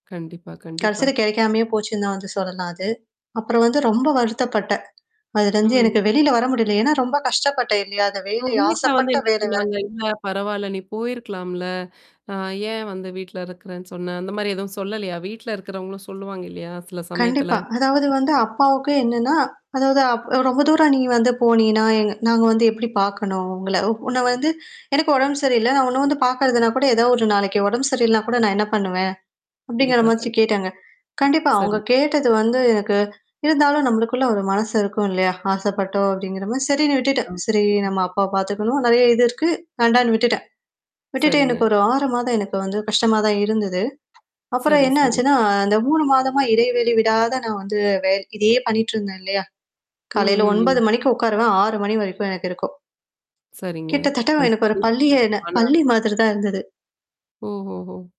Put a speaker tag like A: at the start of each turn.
A: கண்டிப்பா, கண்டிப்பா.
B: கடசில கெடைக்காமயே போச்சுன்னு நான் வந்து சொல்லலாம் அது. அப்புறம் வந்து ரொம்ப வருத்தப்பட்டன். அதுலந்து
A: ம்.
B: எனக்கு வெளில வர முடியல. ஏன்னா ரொம்ப கஷ்டப்பட்டேன் இல்லையா? அந்த
A: ஆ,
B: வேலை
A: வீட்ல வந்து
B: ஆசைப்பட்ட
A: என்ன
B: வேலை வேற.
A: சொன்னாங்க? இல்ல பரவால நீ போயிருக்கலாம்ல. அ ஏன் வந்து வீட்ல இருக்கறேன்னு சொன்ன? அந்த மாரி எதுவும் சொல்லலையா? வீட்ல இருக்கிறவங்களும் சொல்லுவாங்க இல்லையா? சில
B: கண்டிப்பா.
A: சமயத்துல.
B: அதாவது வந்து அப்பாவுக்கு என்னன்னா அதாவது அப் ரொம்ப தூரம் நீ வந்து போனீனா எ நாங்க வந்து எப்படி பாக்கணும் உங்கள உன்ன வந்து எனக்கு உடம்பு சரி இல்ல. நான் உன்ன வந்து பார்கறதுனா கூட ஏதாவது ஒரு நாளைக்கு உடம்பு சரி இல்லனா கூட நான் என்ன பண்ணுவேன்? அப்படிங்கிற
A: கண்டிப்பா,
B: மாச்சி
A: கண்
B: கேட்டாங்க. கண்டிப்பா. அவங்க
A: சரி.
B: கேட்டது வந்து எனக்கு இருந்தாலும் நம்மளுக்குள்ள ஒரு மனசு இருக்கும் இல்லையா? ஆசப்பட்டோம் அப்படிங்கிற மாரி சரின்னு விட்டுட்டன். சரி
A: ஆமா.
B: நம்ம அப்பாவ பாத்துக்கணும். நெறைய இது இருக்கு. வேண்டான்னு விட்டுட்டன். விட்டுட்டு
A: சரிங்க.
B: எனக்கு ஒரு 6 மாதம் எனக்கு வந்து கஷ்டமா தான் இருந்தது. அப்புறம்
A: சரி, சரி.
B: என்னாச்சுன்னா, அந்த 3 மாதமா இடைவெளி விடாத நான் வந்து வேல் இதையே பண்ணிட்டுருந்தேன் இல்லையா?
A: ம்,
B: காலையில
A: ம்,
B: 9:00
A: ம்.
B: மணிக்கு உக்காருவன் 6:00 மணி வரைக்கும் எனக்கு இருக்கும்.
A: சரிங்க.
B: கிட்டத்தட்ட எனக்கு ஒரு
A: அந்தபடி
B: பள்ளிய
A: ஆனா
B: பள்ளி மாதிரி தான் இருந்தது.
A: ஓஹோஹோ!